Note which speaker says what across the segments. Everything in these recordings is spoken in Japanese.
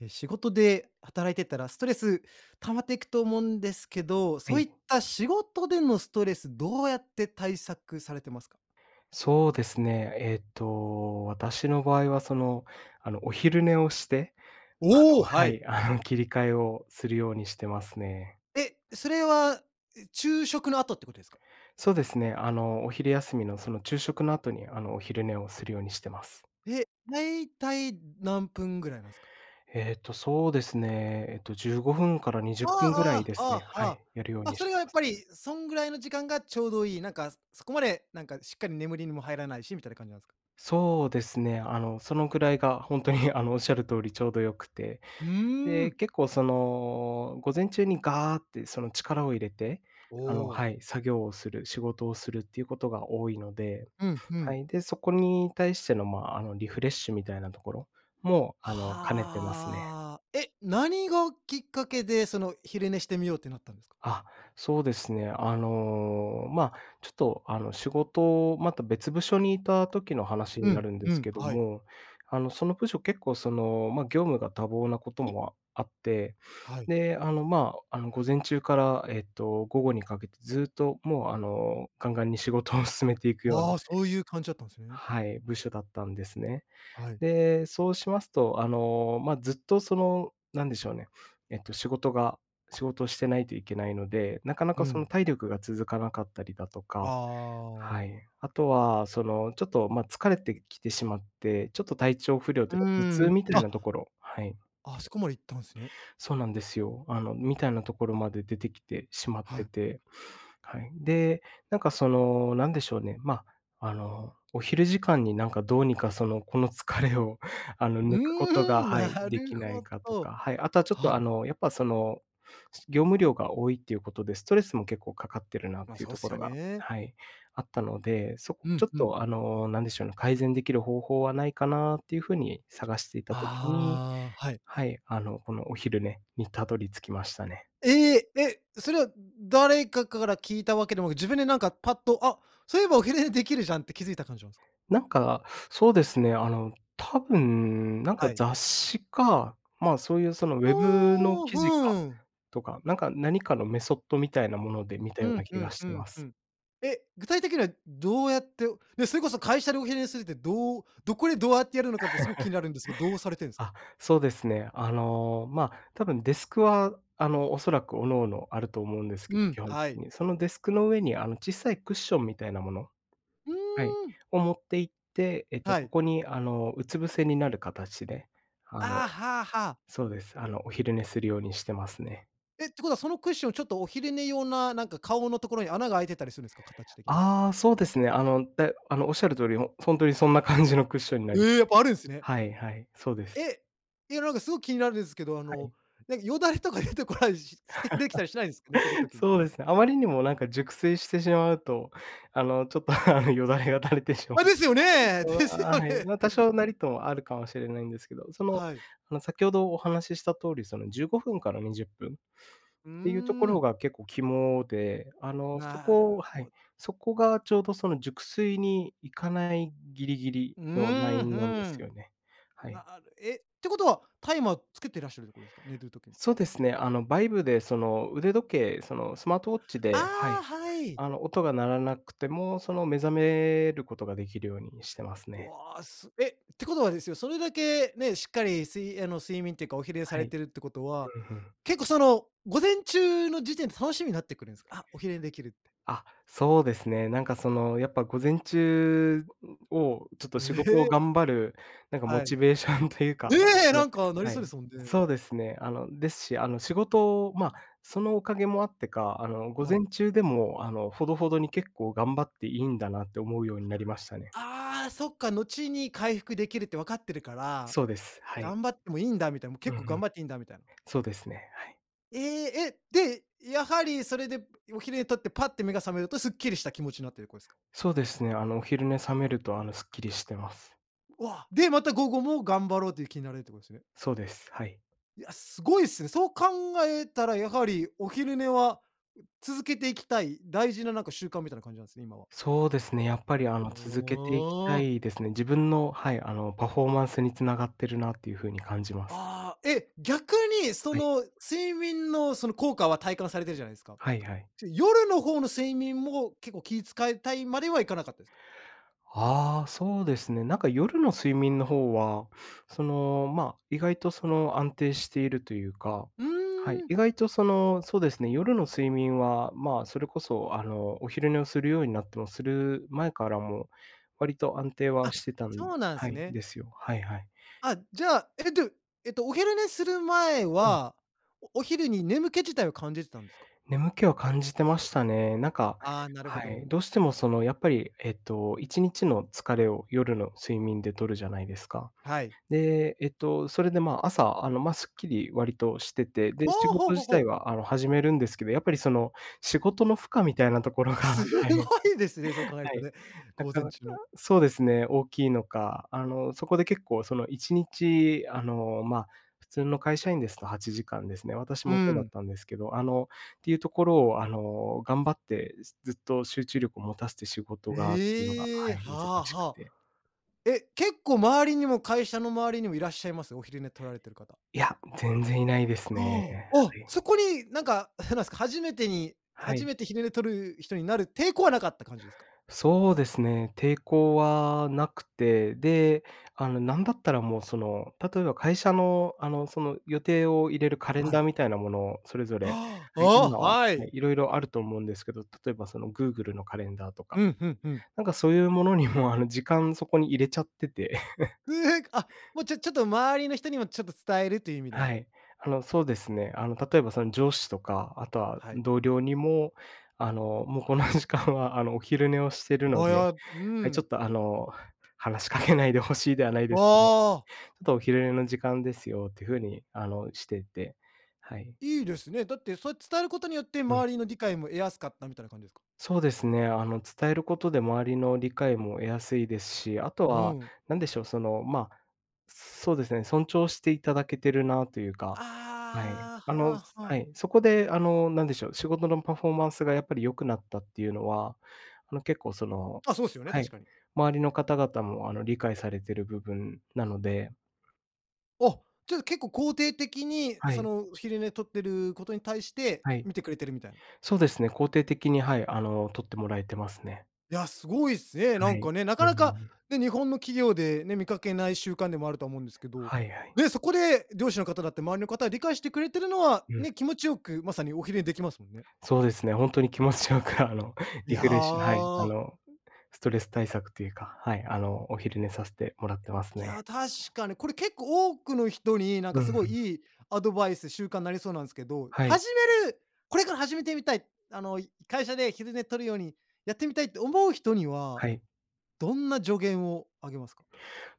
Speaker 1: え、仕事で働いてたら、ストレス溜まっていくと思うんですけど、
Speaker 2: は
Speaker 1: そう
Speaker 2: い。
Speaker 1: いった仕事でのストレスどうやって対策されてますか？
Speaker 2: そうですね。えっと、私の場合はその、あの、お昼寝をして、あ
Speaker 1: お
Speaker 2: の、
Speaker 1: お、
Speaker 2: は
Speaker 1: はい。
Speaker 2: い、あの、切り替えをするようにしてますね。
Speaker 1: え、それは昼食の後ってことですか？
Speaker 2: そうですね、あの、お昼休みの、その、昼食の後に、あの、お昼寝をするようにしてます。
Speaker 1: え、だいたい何分ぐらいなんすか？
Speaker 2: えっと、そうですね、えっと、15分からにじゅ
Speaker 1: あ
Speaker 2: っぷんぐらい
Speaker 1: あ
Speaker 2: で
Speaker 1: ああ
Speaker 2: す
Speaker 1: ああ
Speaker 2: ね。は
Speaker 1: ああ。
Speaker 2: い、やるよう
Speaker 1: あ、
Speaker 2: にし
Speaker 1: それ
Speaker 2: てい
Speaker 1: は、や
Speaker 2: ま
Speaker 1: っ
Speaker 2: す。
Speaker 1: ぱり、そんぐらいの時間がちょうどいい、なんか、そこまで、なんか、しっかり眠りにも入らないしみたいな感じなんすか？
Speaker 2: そうですね、あの、そのくらいが本当に、あの、おっしゃる通りちょうど良くて、
Speaker 1: うー
Speaker 2: で、
Speaker 1: ん。
Speaker 2: 結構、その、午前中にガーってその力を入れて、
Speaker 1: お
Speaker 2: あの、
Speaker 1: お。
Speaker 2: はい、作業をする、仕事をするっていうことが多いので、
Speaker 1: うんう
Speaker 2: は
Speaker 1: ん。
Speaker 2: い、で、そこに対しての、ま、あの、リフレッシュみたいなところも、あの、兼ねてますね。
Speaker 1: はあ。え、何がきっかけで、その、昼寝してみようってなったんですか？
Speaker 2: あ、そうですね、あの、ま、ちょっと、あの、仕事、また別部署にいた時の話
Speaker 1: う
Speaker 2: にな
Speaker 1: ん、
Speaker 2: るんで
Speaker 1: う
Speaker 2: す
Speaker 1: ん、
Speaker 2: けど
Speaker 1: はい。
Speaker 2: も、あの、その部署結構、その、ま、業務が多忙なこともあって、
Speaker 1: はい。
Speaker 2: で、あの、まあ、あの、午前中から、えっと、午後にかけてずっと、もう、あの、ガンガンに仕事を進めていくよう
Speaker 1: あ
Speaker 2: な
Speaker 1: あ、そういう感じだったんですね。
Speaker 2: はい、部署だったんですね。
Speaker 1: はい。
Speaker 2: で、そうしますと、あの、ま、ずっと、その、なんでしょうね、えっと、仕事が仕事をしてないといけないので、なかな
Speaker 1: う
Speaker 2: か、その、
Speaker 1: ん。
Speaker 2: 体力が続かなかったりだとか、は
Speaker 1: ああ。
Speaker 2: い。あとは、その、ちょっと、ま、疲れてきてしまって、ちょっと、体調不良と
Speaker 1: う
Speaker 2: いうか、頭痛
Speaker 1: ん。
Speaker 2: みたい
Speaker 1: あ、
Speaker 2: なところ、はい。
Speaker 1: あそこまで行ったんすね。
Speaker 2: そうなんですよ。あの、みたいなところまで出てきてしまっ
Speaker 1: は
Speaker 2: て
Speaker 1: い。
Speaker 2: て、はい。で、なんか、その、何でしょうね、ま、あの、お昼時間に、なんか、どうにか、その、この疲れを、あの、
Speaker 1: う
Speaker 2: 抜くことが、
Speaker 1: ーん、
Speaker 2: はい、
Speaker 1: な
Speaker 2: で
Speaker 1: る
Speaker 2: きない
Speaker 1: ほ
Speaker 2: かとか、
Speaker 1: ど。
Speaker 2: はい、あとは、ちょっ
Speaker 1: は
Speaker 2: と、あ
Speaker 1: い。
Speaker 2: の、やっぱ、その、業務量が多いっていうことで、ストレスも結構かかってるなっ
Speaker 1: ま、
Speaker 2: ていう
Speaker 1: そう
Speaker 2: と
Speaker 1: っ
Speaker 2: こ
Speaker 1: す
Speaker 2: ろ
Speaker 1: よ
Speaker 2: が、
Speaker 1: ね。
Speaker 2: はい、あったので、そ
Speaker 1: う
Speaker 2: ちょ
Speaker 1: ん
Speaker 2: っ
Speaker 1: うん。
Speaker 2: と、あの、何でしょうね、改善できる方法はないかなっていう風に探していた時に、
Speaker 1: ああ、はい。
Speaker 2: はい、あの、このお昼寝にたどり着きましたね。
Speaker 1: ええ！え、それは誰かから聞いたわけでもなく、自分で、なんか、パッと、あ、そういえばお昼寝できるじゃんって気づいた感じなんすか？
Speaker 2: なんか、そうですね、あの、多分、なんか、
Speaker 1: はい。
Speaker 2: 雑誌か、まあ、そういう、その、ウェブの
Speaker 1: おお、
Speaker 2: 記事か、
Speaker 1: ふん。
Speaker 2: とか、なんか、何かのメソッドみたいなもので見た
Speaker 1: う
Speaker 2: ような
Speaker 1: ん
Speaker 2: 気
Speaker 1: う
Speaker 2: が
Speaker 1: ん
Speaker 2: し
Speaker 1: う
Speaker 2: てま
Speaker 1: んう
Speaker 2: す。
Speaker 1: ん。え、具体的にはどうやって、ね、それこそ会社でお昼寝するってどうどこでどうやってやるのかってすごく気に なるんですけど、どうされてるんすか？
Speaker 2: あ、そうですね。あの、ま、多分デスクは、あの、おそらく各々あると思うんですけ
Speaker 1: う
Speaker 2: ど、
Speaker 1: ん、
Speaker 2: 基本的
Speaker 1: はい。
Speaker 2: に。その、デスクの上に、あの、小さいクッションみたいなもの
Speaker 1: う
Speaker 2: はい、...
Speaker 1: ーん。
Speaker 2: を持って行って、えっと、
Speaker 1: は
Speaker 2: そ
Speaker 1: い。
Speaker 2: こに、あの、うつ伏せになる形で、あの、
Speaker 1: ああ、はあはあ。
Speaker 2: そうです。あの、お昼寝するようにしてますね。
Speaker 1: え、てことはそのクッション、ちょっとお昼寝用な、なんか顔のところに穴が開いてたりするんですか？形的に。
Speaker 2: ああ、そうですね。あの、であの、おっしゃる通り、ほほんとにそんな感じのクッションにな
Speaker 1: え
Speaker 2: り。
Speaker 1: え！やっぱあるんすね。
Speaker 2: はいはい、そうです。
Speaker 1: え、いや、なんか、すごく気になるんですけど、あ
Speaker 2: は
Speaker 1: の、
Speaker 2: い。
Speaker 1: なんか、よだれとか出てこないししてきでできたりしないんですか？寝てる 時に。
Speaker 2: そうですね。あまりにも、なんか、熟睡してしまうと、あの、ちょっと、あの、よだれが垂れてしまう
Speaker 1: あ、
Speaker 2: とか、
Speaker 1: ですよ
Speaker 2: そ
Speaker 1: ね。
Speaker 2: れ
Speaker 1: です
Speaker 2: は
Speaker 1: よ
Speaker 2: はい。
Speaker 1: ね。
Speaker 2: ま、多少なりともあるかもしれないんですけど、その、
Speaker 1: はい。
Speaker 2: あの、先ほどお話しした通り、その、15分から20分っ
Speaker 1: う
Speaker 2: ていうとこ
Speaker 1: ー
Speaker 2: ろ
Speaker 1: ん。
Speaker 2: が結構肝で、あの、そ
Speaker 1: な
Speaker 2: こ
Speaker 1: る
Speaker 2: は
Speaker 1: ほ
Speaker 2: い。
Speaker 1: ど。
Speaker 2: そこがちょうどその熟睡に行かないギリギリ
Speaker 1: う
Speaker 2: のラ
Speaker 1: ー
Speaker 2: イ
Speaker 1: ん、ふ
Speaker 2: ンなんです
Speaker 1: ん。
Speaker 2: よね、はい。
Speaker 1: なるえってことは、タイマーつけてらっしゃるってことですか？寝る時に。
Speaker 2: そうですね、あの、バイブで、その、腕時計、その、スマートウォッチでは
Speaker 1: ああ、
Speaker 2: い、
Speaker 1: はい。
Speaker 2: あの、音が鳴らなくても、その、目覚めることができるようにしてますね。
Speaker 1: わ、すえってことはですよ、それだけね、しっかり睡あの、睡眠っていうかお昼寝さ
Speaker 2: は
Speaker 1: れ
Speaker 2: い。
Speaker 1: てるってことは、
Speaker 2: うん、ふん。
Speaker 1: 結構、その、午前中の時点で楽しみになってくるんす？「あ、お昼寝できる」って。
Speaker 2: あ、そうですね。なんか、その、やっぱ午前中を、ちょっと
Speaker 1: う
Speaker 2: 仕事を
Speaker 1: へ。
Speaker 2: 頑張る、なんか、モ
Speaker 1: は
Speaker 2: チ
Speaker 1: い。
Speaker 2: ベーションというか
Speaker 1: ええ、
Speaker 2: うん。
Speaker 1: なんか、なり
Speaker 2: は
Speaker 1: そうで
Speaker 2: い。
Speaker 1: すもんね。
Speaker 2: そうですね。あの、ですし、あの、仕事、ま、そのおかげもあってか、あの、午
Speaker 1: は
Speaker 2: 前
Speaker 1: い。
Speaker 2: 中でも、あの、ほどほどに結構頑張っていいんだなって思うようになりましたね。
Speaker 1: ああ、そっか、後に回復できるって分かってるから、
Speaker 2: そうです。はい。
Speaker 1: 頑張ってもいいんだ、みたいなもう、
Speaker 2: う
Speaker 1: 結
Speaker 2: んう
Speaker 1: 構頑
Speaker 2: ん。
Speaker 1: 張っていいんだ、みたいな。
Speaker 2: そうですね。はい。
Speaker 1: ええ、え、で、やはりそれでお昼寝とってパッて目が覚めるとすっきりした気持ちになってるこですか？
Speaker 2: そうですね、あのお昼寝覚めるとあのすっきりしてます。
Speaker 1: わ、で、また午後も頑張ろうという気になれるってことですね。
Speaker 2: そうです、はい。
Speaker 1: いや、すごいっすね、そう考えたらやはり、お昼寝は、ん、続けていきたい、大事ななんか習慣みたいな感じなんですね、今は。
Speaker 2: そうですね、やっぱりあの
Speaker 1: お
Speaker 2: 続けていきた
Speaker 1: お。
Speaker 2: いですね、自分の、はい、あのパフォーマンスにつながってるなっていう風に感じます。
Speaker 1: ああ、え、逆にそ
Speaker 2: はい。
Speaker 1: の睡眠のその効果は体感されてるじゃないですか。
Speaker 2: はいはい。
Speaker 1: ちょ、夜の方の睡眠も結構気遣いたいまではいかなかったですか？
Speaker 2: ああ、そうですね、なんか夜の睡眠の方は、その、ま、意外とその安定しているというか、
Speaker 1: う
Speaker 2: はい、
Speaker 1: ーん。
Speaker 2: 意外とそのそうですね、夜の睡眠は、ま、それこそあのお昼寝をするようになってもする前からも、割と安定は
Speaker 1: あ、
Speaker 2: してたん
Speaker 1: そうなん
Speaker 2: は
Speaker 1: す
Speaker 2: い、
Speaker 1: ね。
Speaker 2: ですよ、はいはい。
Speaker 1: あ、じゃあ、え、どえっとお昼寝する前
Speaker 2: うん。
Speaker 1: は、おお昼に眠気自体を感じてたんですか？
Speaker 2: 眠気は感じてましたね、なんか、
Speaker 1: ああ、なるほ
Speaker 2: はい、
Speaker 1: ど。
Speaker 2: どうしてもそのやっぱりえっと、1日の疲れを夜の睡眠でとるじゃないですか。
Speaker 1: はい。
Speaker 2: で、えっと、それで、ま、朝あの、ま、すっきり割としてて、
Speaker 1: あ
Speaker 2: で、仕
Speaker 1: あ、ほう
Speaker 2: 事
Speaker 1: ほう
Speaker 2: 自
Speaker 1: ほ
Speaker 2: 体
Speaker 1: う。
Speaker 2: はあの始めるんですけど、やっぱりその仕事の負荷みたいなところが、
Speaker 1: す
Speaker 2: はい、
Speaker 1: ごいですね、そう考える
Speaker 2: は
Speaker 1: と
Speaker 2: い、
Speaker 1: ね。
Speaker 2: な
Speaker 1: 午
Speaker 2: か
Speaker 1: 前
Speaker 2: なか、
Speaker 1: 中の。
Speaker 2: そうですね、大きいのか、あの、そこで結構その1日、あの、ま、普通の会社員ですと8時間ですね、私
Speaker 1: う
Speaker 2: もそうだっ
Speaker 1: ん。
Speaker 2: たんですけど、あの、っていうところを、あの、頑張ってすずっと集中力を持たせて仕事がっていうのが、
Speaker 1: え
Speaker 2: は
Speaker 1: え、
Speaker 2: い、難
Speaker 1: は
Speaker 2: しく
Speaker 1: は。
Speaker 2: て。
Speaker 1: え、結構周りにも会社の周りにもいらっしゃいます？お昼寝取られている方。
Speaker 2: いや、全然いないですね。
Speaker 1: ああ、あ、
Speaker 2: はい。
Speaker 1: そこに、なんか、へなんですか、初めてに
Speaker 2: は
Speaker 1: 初
Speaker 2: い。
Speaker 1: めて昼寝取る人になる抵抗はなかった感じですか？
Speaker 2: そうですね、抵抗はなくて、で、あのなんだったらもうその、例えば会社のあの、その、予定を入れるカレン
Speaker 1: は
Speaker 2: ダー
Speaker 1: い。
Speaker 2: みたいなものをそれぞれ、
Speaker 1: は、あ、
Speaker 2: はい、今は、は
Speaker 1: は
Speaker 2: い、
Speaker 1: い。
Speaker 2: 色々あると思うんですけど、例えばそのグーグルのカレンダーとか、
Speaker 1: うん、ふんふん。
Speaker 2: なんかそういうものにもあの、時間そこに入れちゃってて。
Speaker 1: うえ、あ、もう、ちょちょっと周りの人にもちょっと伝えるという意味でも。
Speaker 2: はい、あのそうですね、あの例えばその上司とか、あとは
Speaker 1: はい。
Speaker 2: 同僚にも、あのもうこの時間はあのお昼寝をしてるの
Speaker 1: あ、
Speaker 2: で、
Speaker 1: やうー
Speaker 2: はい、ちょ
Speaker 1: ん。
Speaker 2: っとあの、話しかけないで欲しいではないですけど、ちょ
Speaker 1: ああ。
Speaker 2: っとお昼寝の時間ですよっていう風にあのしていて、はい。
Speaker 1: いいですね、だってそれ伝えることによって
Speaker 2: うん。
Speaker 1: 周りの理解も得やすかったみたいな感じですか？
Speaker 2: そうですね、あの伝えることで周りの理解も得やすいですし、あと
Speaker 1: う
Speaker 2: は、
Speaker 1: ん。
Speaker 2: 何でしょう、その、ま、そうですね、尊重していただけているなというか。はい、
Speaker 1: あ
Speaker 2: あ
Speaker 1: あ、
Speaker 2: の、
Speaker 1: は
Speaker 2: は
Speaker 1: は。
Speaker 2: い、そこであの何でしょう、仕事のパフォーマンスがやっぱり良くなったっていうのは、あの結構その、
Speaker 1: あ、そうすよね、
Speaker 2: は
Speaker 1: 確
Speaker 2: い、
Speaker 1: かに。
Speaker 2: 周りの方々もあの理解されている部分なので。
Speaker 1: お、ちょっと結構肯定的に
Speaker 2: は
Speaker 1: そ
Speaker 2: い。
Speaker 1: の昼寝取ってることに対して、
Speaker 2: はい。
Speaker 1: 見てくれてるみたいな。
Speaker 2: そうですね、肯定的に、はい、あの取ってもらえてますね。
Speaker 1: いや、すごいっすね。
Speaker 2: は
Speaker 1: なん
Speaker 2: い。
Speaker 1: かね、な
Speaker 2: う
Speaker 1: かなか
Speaker 2: ん。
Speaker 1: ね、日本の企業でね、見かけない習慣でもあるとは思うんですけど、
Speaker 2: はいはい。
Speaker 1: で、そこで上司の方だって周りの方、理解してくれてるのは
Speaker 2: うん。
Speaker 1: ね、気持ちよくまさにお昼寝できますもんね。
Speaker 2: そうですね、本当に気持ちよくあの
Speaker 1: い
Speaker 2: リ
Speaker 1: や
Speaker 2: フレッシュ、はい、あ
Speaker 1: あ。
Speaker 2: のストレス対策というか、はい、あのお昼寝させてもらっ
Speaker 1: えっ。
Speaker 2: てます
Speaker 1: いや、
Speaker 2: ね。
Speaker 1: 確かに、これ結構多くの人になん
Speaker 2: う
Speaker 1: か
Speaker 2: んう
Speaker 1: すごい
Speaker 2: ん。
Speaker 1: いいアドバイス、習慣になりそうなんすけど、
Speaker 2: はい。
Speaker 1: 始めるこれから始めてみたい、あの、い会社で昼寝とるようにやってみたいって思う人には、
Speaker 2: はい。
Speaker 1: どんな助言をあげますか？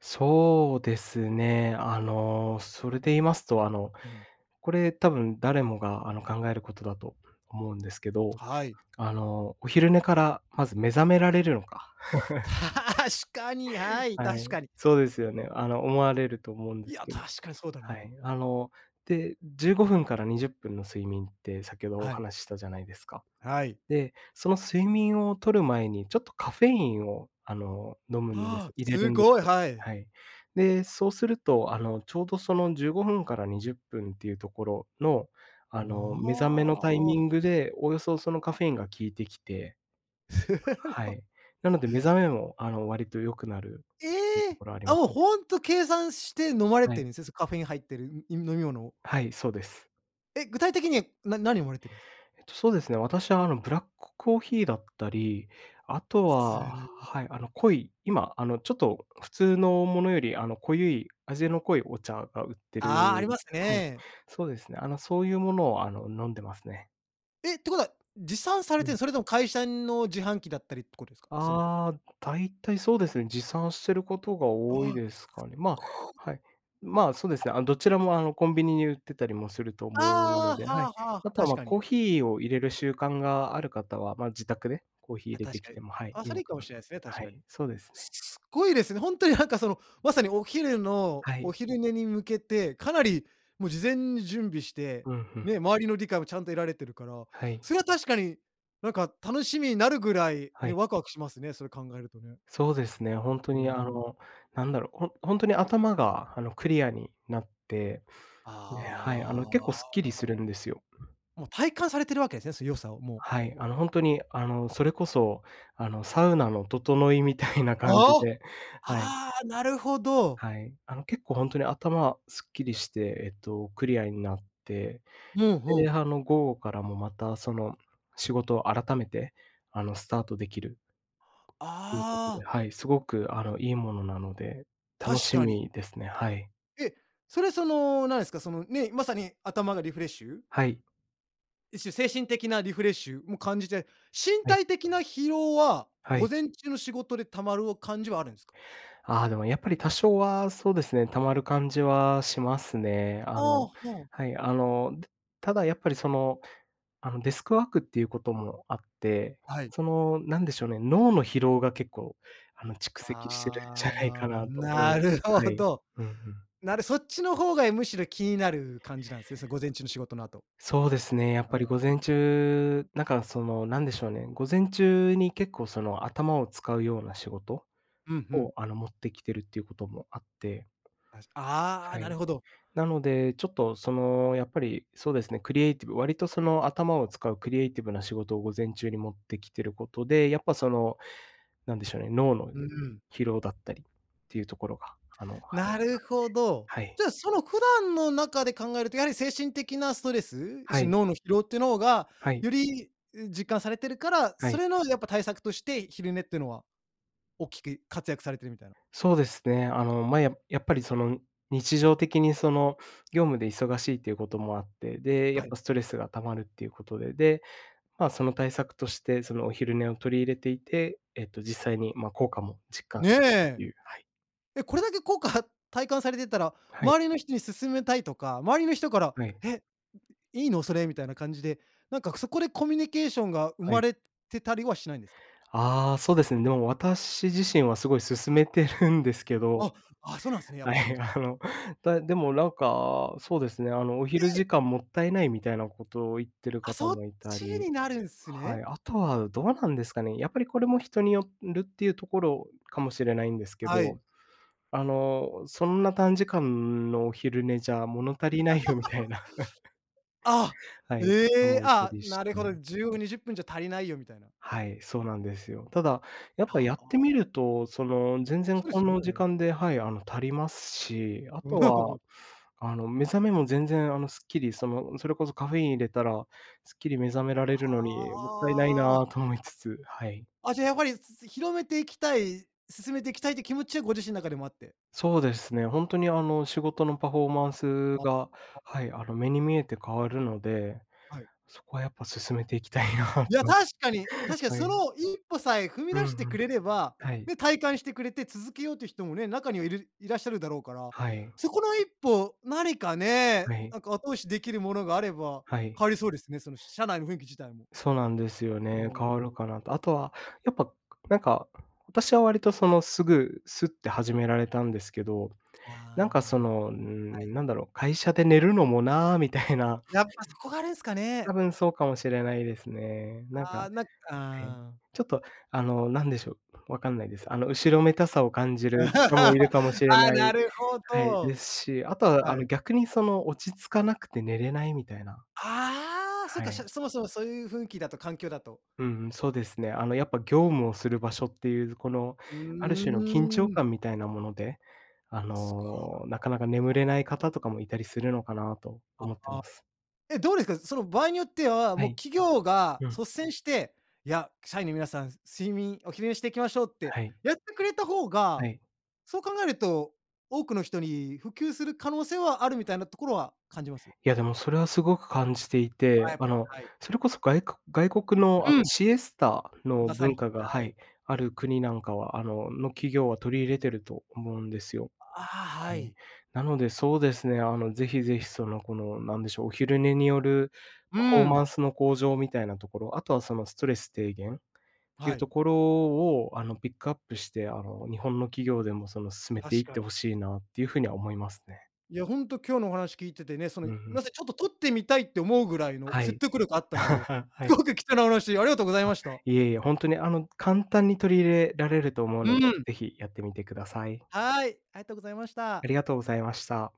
Speaker 2: そうですね。あの、それで言いますと、あの、
Speaker 1: うん。
Speaker 2: これ多分誰もがあの考えることだと思うんですけど、
Speaker 1: はい。
Speaker 2: あの、お昼寝からまず目覚められるのか。
Speaker 1: 確かに、はい、
Speaker 2: は
Speaker 1: 確
Speaker 2: い、
Speaker 1: かに。
Speaker 2: そうですよね。あの、思われると思うんで
Speaker 1: い
Speaker 2: す
Speaker 1: や、
Speaker 2: けど。
Speaker 1: 確かにそうだ
Speaker 2: は
Speaker 1: な。
Speaker 2: い。あの、で、15分から20分の睡眠って先ほどお
Speaker 1: はい。
Speaker 2: 話ししたじゃないですか。
Speaker 1: はい。
Speaker 2: で、その睡眠を取る前にちょっとカフェインをあの、飲むんで
Speaker 1: は
Speaker 2: す
Speaker 1: あ、
Speaker 2: 入れる
Speaker 1: す
Speaker 2: んで
Speaker 1: ごい、
Speaker 2: すよ。
Speaker 1: はい。
Speaker 2: はい。で、そうすると、あのちょうどその15分から20分っていうところの、あの目覚め
Speaker 1: あ
Speaker 2: のタイミ
Speaker 1: あ。
Speaker 2: ングで、およそそのカフェインが効いてきて、
Speaker 1: す
Speaker 2: は
Speaker 1: ご。
Speaker 2: い。なので目覚めもあの、割と良くなる
Speaker 1: え
Speaker 2: と
Speaker 1: え！
Speaker 2: ころあり
Speaker 1: あ、
Speaker 2: ます。
Speaker 1: ほんと計算して飲まれ
Speaker 2: は
Speaker 1: て
Speaker 2: い。
Speaker 1: るんすね。そう、カフェイン入ってるいん飲み物を。
Speaker 2: はい、そうです。
Speaker 1: え、具体的に、な何飲まれてるんすか？
Speaker 2: えっと、そうですね、私は、あの、ブラックコーヒーだったり、あと
Speaker 1: すげ
Speaker 2: は
Speaker 1: え。
Speaker 2: はい、あの、濃い、今、あの、ちょっと普通のものより、あの、濃ゆい味の濃いお茶が売ってる
Speaker 1: ああ、あります
Speaker 2: はい。
Speaker 1: ね。
Speaker 2: そうですね、あの、そういうものを、あの、飲んでますね。
Speaker 1: えっ、てことは、持参され
Speaker 2: う
Speaker 1: て、
Speaker 2: ん。
Speaker 1: それとも会社の自販機だったりってことですか？その
Speaker 2: ああ、大体そうですね、持参してることが
Speaker 1: あ
Speaker 2: 多い
Speaker 1: あ、
Speaker 2: ですかね。まあ、
Speaker 1: そっか。
Speaker 2: はい。まあ、そうですね、あの、どちらもあの、コンビニに売ってたりもすると思うの
Speaker 1: あ
Speaker 2: で、
Speaker 1: あ、
Speaker 2: は
Speaker 1: はあ
Speaker 2: い。
Speaker 1: はあは
Speaker 2: あ
Speaker 1: あ、
Speaker 2: とは、
Speaker 1: 確
Speaker 2: まあ、
Speaker 1: かに。
Speaker 2: コーヒーを入れる習慣がある方は、まあ自宅で、コーヒー
Speaker 1: あ、
Speaker 2: 入れ
Speaker 1: 確
Speaker 2: てき
Speaker 1: かに。
Speaker 2: てもはい、
Speaker 1: あ、
Speaker 2: い
Speaker 1: そ
Speaker 2: い
Speaker 1: れ
Speaker 2: の
Speaker 1: いいか
Speaker 2: か
Speaker 1: も
Speaker 2: な
Speaker 1: し
Speaker 2: と
Speaker 1: れないですね、確
Speaker 2: は
Speaker 1: かに。
Speaker 2: い、そうですね。
Speaker 1: すっごいですね。ほんとになんかそのまさにお昼の
Speaker 2: は
Speaker 1: お
Speaker 2: い。
Speaker 1: 昼寝に向けて、かなり、もう、事前に準備して、
Speaker 2: うん、ふん。
Speaker 1: ね、周りの理解もちゃんと得られてるから、
Speaker 2: はい。
Speaker 1: それは確かに、なんか、楽しみになるぐらい
Speaker 2: は
Speaker 1: ね、
Speaker 2: い。
Speaker 1: ワクワクしますね、それ考えるとね。
Speaker 2: そうですね、ほんと
Speaker 1: うー
Speaker 2: に、あ
Speaker 1: ん。
Speaker 2: の、なんだろう、ほほんとに頭があのクリアになって、で、はい。あの、結構
Speaker 1: あ
Speaker 2: スッ
Speaker 1: あ。
Speaker 2: キリするんですよ。うん。
Speaker 1: もう、体感されているわけですね、良さをもう。
Speaker 2: はい。あの、ほんとに、あの、それこそ、あの、サウナの整いみたいな感じ
Speaker 1: ああ。
Speaker 2: で、はい。
Speaker 1: ああ、なるほど。
Speaker 2: はい。あの、結構ほんとに頭すっきりして、えっと、クリアになって、
Speaker 1: うん、ほ
Speaker 2: で、
Speaker 1: う。
Speaker 2: はの、午後からも、また、その仕事を改めて、あの、スタートできるっていうこと
Speaker 1: あ
Speaker 2: で、
Speaker 1: あ。
Speaker 2: はい、すごく、あの、いいものなので、楽
Speaker 1: 確
Speaker 2: し
Speaker 1: かに。
Speaker 2: みですね、はい。
Speaker 1: えっ、それ、その、なんですか、その、ね、まさに頭がリフレッシュ？
Speaker 2: はい。
Speaker 1: 一種、精神的なリフレッシュも感じて、身
Speaker 2: はい。
Speaker 1: 体的な疲労は、
Speaker 2: はい。
Speaker 1: 午前中の仕事で溜まる感じはあるんすか？
Speaker 2: ああ、でもやっぱり多少はそうですね、溜まる感じはしますね。あ
Speaker 1: あ
Speaker 2: の、
Speaker 1: あ、そう。
Speaker 2: はい、あの、だただやっぱりその、あの、デスクワークっていうこともあって、
Speaker 1: はい。
Speaker 2: その、なんでしょうね、脳の疲労が結構、あの蓄積してるんじゃないか
Speaker 1: あ
Speaker 2: な
Speaker 1: あ、
Speaker 2: と思いま
Speaker 1: な
Speaker 2: す。
Speaker 1: る
Speaker 2: は
Speaker 1: ほ
Speaker 2: い。
Speaker 1: ど。
Speaker 2: うんうん。
Speaker 1: なるそっちの方がえ、むしろ気になる感じなんですね、その午前中の仕事の後？
Speaker 2: そうですね、やっ
Speaker 1: あ
Speaker 2: ぱ
Speaker 1: あ、
Speaker 2: り午前
Speaker 1: ん。
Speaker 2: 中、なんかその、何でしょうね、午前中に結構その頭を使うような仕事？
Speaker 1: うんう
Speaker 2: を、
Speaker 1: ん。
Speaker 2: あの、持ってきてるっていうこともあって。
Speaker 1: あしあ
Speaker 2: は
Speaker 1: あ、な
Speaker 2: い。
Speaker 1: るほど。
Speaker 2: なので、ちょっとその、やっぱり、そうですね、クリエイティブ、割とその頭を使うクリエイティブな仕事を午前中に持ってきてることで、やっぱその、なんでしょうね、脳の
Speaker 1: うーん。
Speaker 2: 疲労だったりっていうところが、あのはい
Speaker 1: なるほど。
Speaker 2: はい、はい。
Speaker 1: じゃあ、その普段の中で考えるとやはり精神的なストレス、
Speaker 2: は
Speaker 1: 一種
Speaker 2: い。
Speaker 1: 脳の疲労ってのが、
Speaker 2: はい。
Speaker 1: より、う実感されてるから、
Speaker 2: は
Speaker 1: そ
Speaker 2: い。
Speaker 1: れのやっぱ対策として昼寝ってのは大きく活躍されているみたいな。
Speaker 2: そうですね、あの、ま、ややっぱりその、日常的にその、業務で忙しいっていうこともあって、で、やっ
Speaker 1: はい。
Speaker 2: ぱストレスが溜まるっていうことで、で、まあ、その対策として、その、お昼寝を取り入れていて、えっと、実際に、まあ、効果も実感
Speaker 1: ね
Speaker 2: するって
Speaker 1: え。
Speaker 2: いうはい。
Speaker 1: え、これだけ効果体感されてたら、
Speaker 2: はい。
Speaker 1: 周りの人に勧めたいとか、周りの人から
Speaker 2: はい。
Speaker 1: 「え！いいの？それ」みたいな感じで、なんか、そこでコミュニケーションが生
Speaker 2: は
Speaker 1: ま
Speaker 2: い。
Speaker 1: れてたりはしないんですか？
Speaker 2: ああ、そうですね。でも私自身はすごい勧めてるんですけ
Speaker 1: あ
Speaker 2: ど、
Speaker 1: っ、あ、そうなんすね、やっ
Speaker 2: は
Speaker 1: ぱり。
Speaker 2: い、あの、たでもなんか、そうですね、あのお
Speaker 1: え
Speaker 2: 昼
Speaker 1: え！
Speaker 2: 時間もったいないみたいなことを言ってる
Speaker 1: あ、
Speaker 2: 方
Speaker 1: そっ
Speaker 2: もいた
Speaker 1: ち
Speaker 2: り。
Speaker 1: になるんす
Speaker 2: はい。
Speaker 1: ね。
Speaker 2: あとはどうなんですかね。やっぱりこれも人によるっていうところかもしれないんですけ
Speaker 1: はい。
Speaker 2: ど、あの、そんな短時間のお昼寝じゃ物足りないよみたい な。
Speaker 1: あ
Speaker 2: は
Speaker 1: っ、
Speaker 2: い、
Speaker 1: え
Speaker 2: 方
Speaker 1: え、
Speaker 2: もいた
Speaker 1: あ、
Speaker 2: りし
Speaker 1: なるほど、
Speaker 2: て。
Speaker 1: 15、20分じゃ足りないよみたいな。
Speaker 2: はい、そうなんですよ。ただ、やっぱや
Speaker 1: は
Speaker 2: ってみ
Speaker 1: あ。
Speaker 2: ると、その、全然
Speaker 1: そうで
Speaker 2: こ
Speaker 1: す
Speaker 2: の
Speaker 1: よ
Speaker 2: 時
Speaker 1: ね。
Speaker 2: 間ではい、あの足りますし、あとは、あの、目覚めも全然あのすっきり、その、それこそカフェイン入れたら、すっきり目覚められるのにもったいない
Speaker 1: はあ。
Speaker 2: なと思いつつ、はい。
Speaker 1: あ、じゃ、やはり、すす広めていきたい、勧めていきたいって気持ちはご自身の中でもあって。
Speaker 2: そうですね。ほんとにあの仕事のパフォーマンス
Speaker 1: あっ、
Speaker 2: が、
Speaker 1: ほあ。
Speaker 2: はい、あの目に見えて変わるので、
Speaker 1: はい。
Speaker 2: そこはやっぱ勧めていきたいなと
Speaker 1: いや、確かに確かに
Speaker 2: は
Speaker 1: そ
Speaker 2: い。
Speaker 1: の一歩さえ踏み
Speaker 2: うん
Speaker 1: 出して
Speaker 2: うん。
Speaker 1: くれれば、
Speaker 2: はい。
Speaker 1: ね、体感してくれて続けようという人もね、中にはいるいらっしゃるだろうから、
Speaker 2: はい。
Speaker 1: そこの一歩、何かね、
Speaker 2: はい。
Speaker 1: なんか後押しできるものがあれば
Speaker 2: はい。
Speaker 1: 変わりそうですね、その社内の雰囲気自体も。
Speaker 2: そうなんですよ
Speaker 1: う
Speaker 2: ね、変わ
Speaker 1: ー
Speaker 2: る
Speaker 1: ん。
Speaker 2: かなと。あとは、やっぱ、なんか、私は割とその、すぐスッて始められたんですけど、なんかそ
Speaker 1: あ
Speaker 2: の、うー
Speaker 1: あ。はい。
Speaker 2: ん、なんだろう、会社で寝るのもなみたいな。
Speaker 1: やっぱ、そこがあれですか
Speaker 2: 多
Speaker 1: ね。
Speaker 2: 分そうかもしれないですね。なん
Speaker 1: あ
Speaker 2: か、
Speaker 1: あ、なんか
Speaker 2: え、
Speaker 1: ああ。
Speaker 2: ちょっと、あの、何でしょう、わかんないです。あの後ろめたさを感じ る人も
Speaker 1: あ
Speaker 2: いるかもしれ
Speaker 1: あ、
Speaker 2: な
Speaker 1: な
Speaker 2: い
Speaker 1: るほ
Speaker 2: はい、で
Speaker 1: ど。
Speaker 2: すし、あとはあ
Speaker 1: は
Speaker 2: の
Speaker 1: い。
Speaker 2: 逆にその落ち着かなくて寝れないみたいな。
Speaker 1: ああ、そっ
Speaker 2: は
Speaker 1: かしゃ
Speaker 2: い。
Speaker 1: かそもそも、そういう雰囲気だと環境だと。
Speaker 2: うんうん、そうですね。あのやっぱ業務をする場所っていう、この、
Speaker 1: う
Speaker 2: ある種の緊張
Speaker 1: ーん。
Speaker 2: 感みたいなもので、あ
Speaker 1: すごい。
Speaker 2: の、なかなか眠れない方とかもいたりするのかなと
Speaker 1: あ、
Speaker 2: 思って
Speaker 1: あ。
Speaker 2: ます。
Speaker 1: え、どうですか？その、場合によっては、
Speaker 2: は
Speaker 1: もう
Speaker 2: い。
Speaker 1: 企業が
Speaker 2: うん。
Speaker 1: 率先して「いや、社員の皆さん、睡眠、お昼寝していきましょう」って
Speaker 2: はい。
Speaker 1: やってくれた方
Speaker 2: は
Speaker 1: が、
Speaker 2: い。
Speaker 1: そう考えると多くの人に普及する可能性はあるみたいなところは感じます？
Speaker 2: いや、でも、それはすごく感じてい
Speaker 1: あ、
Speaker 2: て、
Speaker 1: やっ
Speaker 2: あ
Speaker 1: ぱ
Speaker 2: の、
Speaker 1: り、はい。
Speaker 2: それこそ、がいこ外国のあ
Speaker 1: う
Speaker 2: の
Speaker 1: ん。
Speaker 2: シエスタの
Speaker 1: まさ
Speaker 2: 文
Speaker 1: に、
Speaker 2: 化が、
Speaker 1: は
Speaker 2: は
Speaker 1: い。
Speaker 2: い、ある国なんかは、あのの企業は取り入れていると思うんですよ。
Speaker 1: ああ、
Speaker 2: は
Speaker 1: は
Speaker 2: い。
Speaker 1: い。
Speaker 2: なのでそうですね、あの、ぜひぜひ、その、この、なんでしょう、お昼寝による
Speaker 1: う
Speaker 2: パフォーマ
Speaker 1: ん。
Speaker 2: ンスの向上みたいなところ、あとはそのストレス低減ってい
Speaker 1: は
Speaker 2: う
Speaker 1: い。
Speaker 2: ところを、あの、ピックアップして、あの、日本の企業でもその、勧めてい
Speaker 1: 確
Speaker 2: って
Speaker 1: か
Speaker 2: 欲
Speaker 1: に。
Speaker 2: しいなっていうふうには思いますね。
Speaker 1: いや、ほんと今日のお話聞いててね、その
Speaker 2: うん
Speaker 1: 「い
Speaker 2: うん。
Speaker 1: ません、ちょっと取ってみたい」って思うぐらいの
Speaker 2: は
Speaker 1: 説
Speaker 2: い。
Speaker 1: 得力あったので、
Speaker 2: は
Speaker 1: す
Speaker 2: い。
Speaker 1: ごく貴重なお話ありがとうござい
Speaker 2: あ、
Speaker 1: ました。
Speaker 2: いえいえ、本当にあの簡単に取り入れられると思う
Speaker 1: う
Speaker 2: ので、
Speaker 1: ん。
Speaker 2: ぜひ、やってみてください。
Speaker 1: はい、ありがとうございまし
Speaker 2: あ
Speaker 1: た。
Speaker 2: りがとうございました。